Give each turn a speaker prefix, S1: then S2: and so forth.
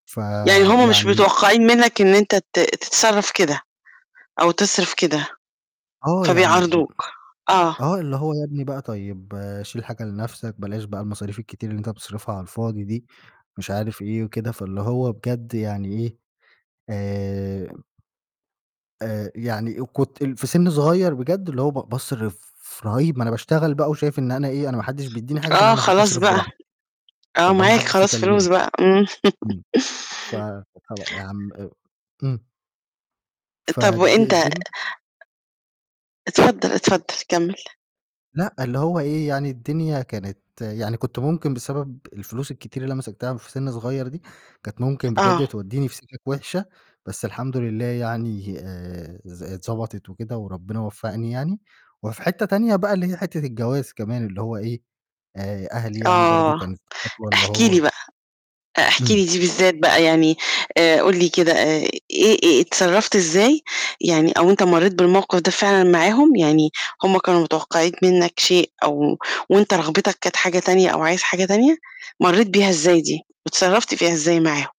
S1: يعني هم مش
S2: فيعني
S1: متوقّعين منّك إن أنت ت تتصرّف كده أو تصرف كده،
S2: آه، يعني
S1: فبيعارضوك، آه.
S2: آه، اللي هو "يا ابني بقى طيب شيل حاجة لنَفْسك، بلاش بقى المصاريف الكتير اللي أنت بتصرفها على الفاضي دي،" مش عارف إيه وكده فاللي هو بجد يعني إيه، آآ آآ يعني آآ، كنت ال في سِن صغيّر بجد اللي هو ب باصرف رهيب ما أنا باشتغل بقى وشايف إن أنا إيه، أنا ما حدّش بيدّيني حاجة فأنا
S1: آه
S2: من حقّي
S1: خلاص
S2: أصرف
S1: بقى،
S2: براح
S1: آه،
S2: فاللي هو ما
S1: معاك
S2: حدّش
S1: خلاص فلوس
S2: يكلِّمني،
S1: بقى، إمم.
S2: إمم، ف [unintelligible] يا عَم آآ، إمم.
S1: طَب
S2: فالد
S1: وأنت
S2: الدين
S1: اتفضّل، اتفضّل، كمِّل.
S2: لأ، اللي هو إيه، يعني الدنيا كانت يعني كنت ممكن بسبب الفلوس الكتير اللي أنا مسكتها في سِن صغير دي، كانت ممكن
S1: آه.
S2: بجد تودّيني في سِكَك وِحشة، بس الحمد لله يعني آآ، ز اتضبطت وكده وربّنا وفّقني يعني، وفي حتّة تانية بقى اللي هي حتّة الجواز كمان اللي هو إيه، آآ، أهلي يعني برضه
S1: آه،
S2: كانت خطوة اللي
S1: احكِ لي
S2: هو
S1: بقى، آآ، احكِ
S2: إمم.
S1: لي دي بالذات بقى يعني آآ، قُل لي كده آآ، إيه إيه اتصرّفت إزاي يعني أو أنت مرّيت بالموقِف ده فعلًا معاهم، يعني هم كانوا متوقّعين منّك شيء أو وأنت رغبتك كانت حاجة تانية أو عايز حاجة تانية، مرّيت بيها إزاي دي؟ واتصرّفت فيها إزاي معاهم؟